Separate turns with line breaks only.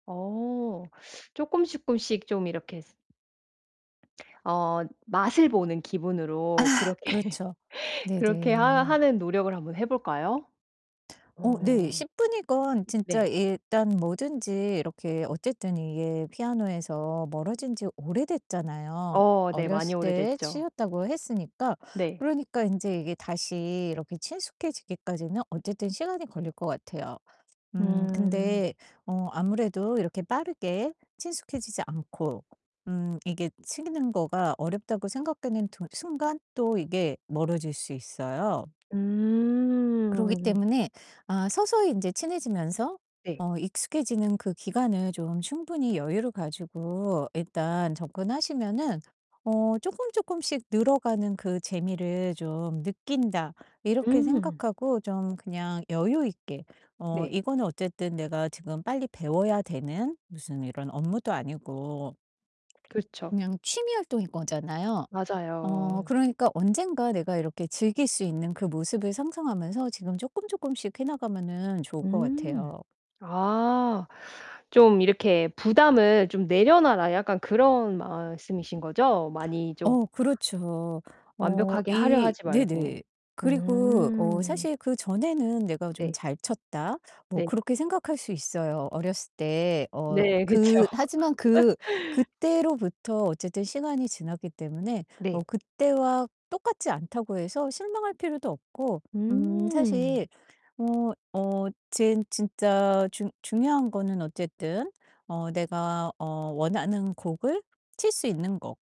어 쪼끔 쪼끔씩 좀 이렇게 어 맛을 보는 기분으로
아
그렇게
그렇죠.
그렇게 하
네네.
하는 노력을 한번 해 볼까요?
어 네.
어.
10 분이건 진짜
네.
일단 뭐든지 이렇게 어쨌든 이게 피아노에서 멀어진지 오래됐잖아요.
어 네 많이
어렸을 때
오래됐죠.
치셨다고 했으니까
네.
그러니까 인제 이게 다시 이렇게 친숙해지기까지는 어쨌든 시간이 걸릴 것 같아요. 음
음.
근데 어 아무래도 이렇게 빠르게 친숙해지지 않고 음 이게 치는 거가 어렵다고 생각되는 두 순간 또 이게 멀어질 수 있어요. 그러기
음.
때문에 아 서서히 인제 친해지면서
네.
어 익숙해지는 그 기간을 좀 충분히 여유를 가지고 일단 접근하시면은 어 '쪼끔, 쪼끔씩 늘어가는 그 재미를 좀 느낀다.' 이렇게
음.
생각하고 좀 그냥 여유있게, 어
네.
이거는 어쨌든 내가 지금 빨리 배워야 되는 무슨 이런 업무도 아니고
그렇죠.
그냥 취미 활동인 거잖아요. 어
맞아요.
그러니까 언젠가 내가 이렇게 즐길 수 있는 그 모습을 상상하면서 지금 쪼끔, 쪼끔씩 해 나가면은 좋을 것
음.
같아요.
아. 좀 이렇게 "부담을 좀 내려놔라." 약간 그런 말씀이신 거죠? 많이 좀
어 그렇죠. 어
완벽하게 하려
이
하지 말고.
네네. 그리고 어
음.
사실 그전에는 ´내가 좀
네.
잘 쳤다.´ 뭐
네.
그렇게 생각할 수 있어요 어렸을 때. 어
네 그쵸.
그 하지만 그 그때로부터 어쨌든 시간이 지났기 때문에 어
네.
그때와 똑같지 않다고 해서 실망할 필요도 없고 음
음.
사실 뭐 어 젠 진짜 중 중요한 거는 어쨌든 어 내가 어 원하는 곡을 칠 수 있는 거.